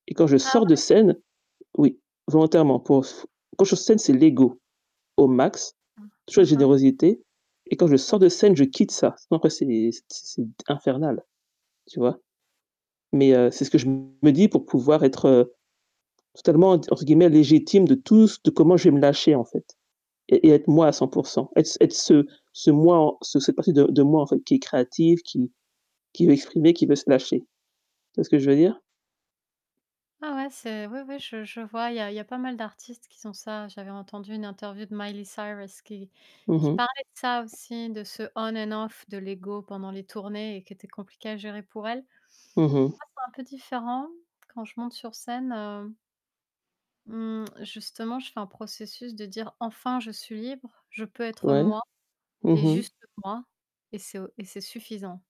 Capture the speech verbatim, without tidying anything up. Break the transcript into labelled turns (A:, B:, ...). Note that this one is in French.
A: Et quand je
B: Ah
A: sors de
B: ouais?
A: scène oui, volontairement, pour s quand je suis sur scène, c'est l'ego au max,
B: Ah.
A: toujours
B: Aha.
A: générosité et quand je sors
B: [unintelligible]
A: de scène, je quitte ça. Sinon après c'est c c c'est infernal, tu vois? Mais heu, c'est ce que je me dis pour pouvoir être totalement ent entre guillemets «légitime» de tout ce de comment je vais me lâcher en fait et et être moi à cent pour cent. Être être ce ce moi en ce cette partie de de moi en fait qui est créative, qui qui veut exprimer, qui veut se lâcher. Tu vois ce que je veux dire?
B: Ah ouais, c'est oui, oui, je je vois, il y a il y a pas mal d'artistes qui sont ça. J'avais entendu une interview de Miley Cyrus qui
A: Mmh
B: qui
A: mh.
B: parlait de ça aussi, de ce on and off de l'égo pendant les tournées et qui était compliqué à gérer pour elle. Tu
A: Mmh mh.
B: vois c'est un peu différent quand je monte sur scène, heu mmh, justement, je fais un processus de dire: «Enfin, je suis libre, je peux être
A: Ouais.
B: moi
A: Mmh
B: et
A: mh.
B: juste moi et c'est o et c'est suffisant».